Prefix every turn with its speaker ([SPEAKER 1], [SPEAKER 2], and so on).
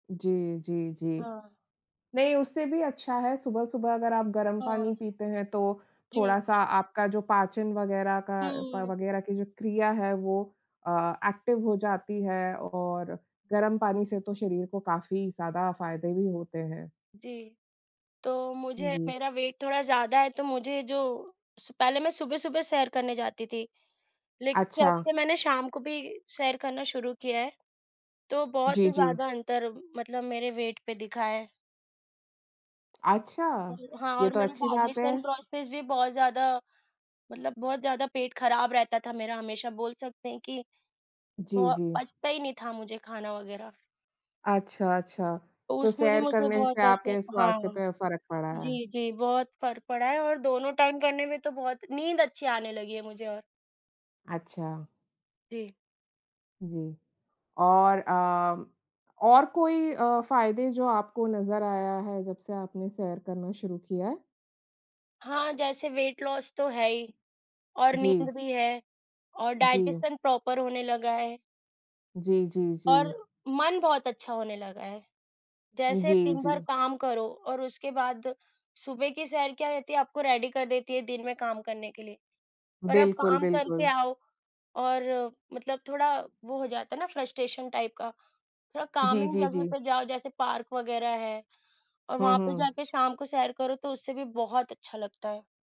[SPEAKER 1] जी, जी, जी।
[SPEAKER 2] हाँ।
[SPEAKER 1] नहीं उससे भी अच्छा है सुबह-सुबह अगर आप गरम
[SPEAKER 2] हाँ, हाँ।
[SPEAKER 1] पानी पीते हैं तो
[SPEAKER 2] जी।
[SPEAKER 1] थोड़ा-सा आपका जो पाचन वग़ैरह का प
[SPEAKER 2] हुँ।
[SPEAKER 1] वग़ैरह की जो क्रिया है वो अ, एक्टिव हो जाती है और गरम पानी से तो शरीर को काफ़ी ज़्यादा फ़ायदे भी होते हैं।
[SPEAKER 2] जी। तो मुझे
[SPEAKER 1] जी।
[SPEAKER 2] मेरा वेट थोड़ा ज़्यादा है तो मुझे जो स पहले मैं सुबह-सुबह सैर करने जाती थी, लेकिन जब
[SPEAKER 1] अच्छा।
[SPEAKER 2] से मैंने शाम को भी सैर करना शुरू किया है, तो बहुत
[SPEAKER 1] जी,
[SPEAKER 2] ही
[SPEAKER 1] जी।
[SPEAKER 2] ज़्यादा अंतर मतलब मेरे वेट पे दिखा है।
[SPEAKER 1] अच्छा,
[SPEAKER 2] अ, हाँ,
[SPEAKER 1] ये
[SPEAKER 2] और
[SPEAKER 1] तो
[SPEAKER 2] मेरी
[SPEAKER 1] अच्छी बात है।
[SPEAKER 2] डाइजेशन प्रोसेस भी बहुत ज़्यादा मतलब बहुत ज़्यादा पेट ख़राब रहता था मेरा हमेशा, बोल सकते हैं कि
[SPEAKER 1] जी,
[SPEAKER 2] बहो
[SPEAKER 1] जी।
[SPEAKER 2] पचता ही नहीं था मुझे खाना वग़ैरह।
[SPEAKER 1] अच्छा, अच्छा।
[SPEAKER 2] तो
[SPEAKER 1] तो
[SPEAKER 2] उसमें भी
[SPEAKER 1] सैर
[SPEAKER 2] मुझे
[SPEAKER 1] करने
[SPEAKER 2] बहुत
[SPEAKER 1] से
[SPEAKER 2] पचता है
[SPEAKER 1] आपके स्वास्थ्य
[SPEAKER 2] हाँ।
[SPEAKER 1] पे फ़र्क पड़ा है।
[SPEAKER 2] जी, जी। बहुत फ़र्क पड़ा है और दोनों टाइम करने में तो बहुत नींद अच्छी आने लगी है मुझे और
[SPEAKER 1] अच्छा।
[SPEAKER 2] जी।
[SPEAKER 1] जी। और अ, और कोई अ, फ़ायदे जो आपको नज़र आया है जब से आपने सैर करना शुरू किया है?
[SPEAKER 2] हाँ, जैसे वेट लॉस तो है ही। और नींद
[SPEAKER 1] जी।
[SPEAKER 2] भी है और
[SPEAKER 1] जी।
[SPEAKER 2] डाइजेशन प्रॉपर होने लगा है।
[SPEAKER 1] जी, जी,
[SPEAKER 2] और
[SPEAKER 1] जी।
[SPEAKER 2] मन बहुत अच्छा होने लगा है। जैसे
[SPEAKER 1] जी,
[SPEAKER 2] दिन भर
[SPEAKER 1] जी।
[SPEAKER 2] काम करो और उसके बाद सुबह की सैर क्या रहती है आपको रेडी कर देती है दिन में काम करने के लिए। पर अब
[SPEAKER 1] बिल्कुल,
[SPEAKER 2] काम करके
[SPEAKER 1] बिल्कुल।
[SPEAKER 2] आओ और मतलब थोड़ा वो हो जाता है ना, फ्रस्ट्रेशन टाइप का, थोड़ा
[SPEAKER 1] जी,
[SPEAKER 2] काल्मिंग
[SPEAKER 1] जी,
[SPEAKER 2] जगह
[SPEAKER 1] जी।
[SPEAKER 2] पे जाओ जैसे पार्क वग़ैरह है और
[SPEAKER 1] हुँ,
[SPEAKER 2] वहाँ पे
[SPEAKER 1] हुँ।
[SPEAKER 2] जाके शाम को सैर करो तो उससे भी बहुत अच्छा लगता है।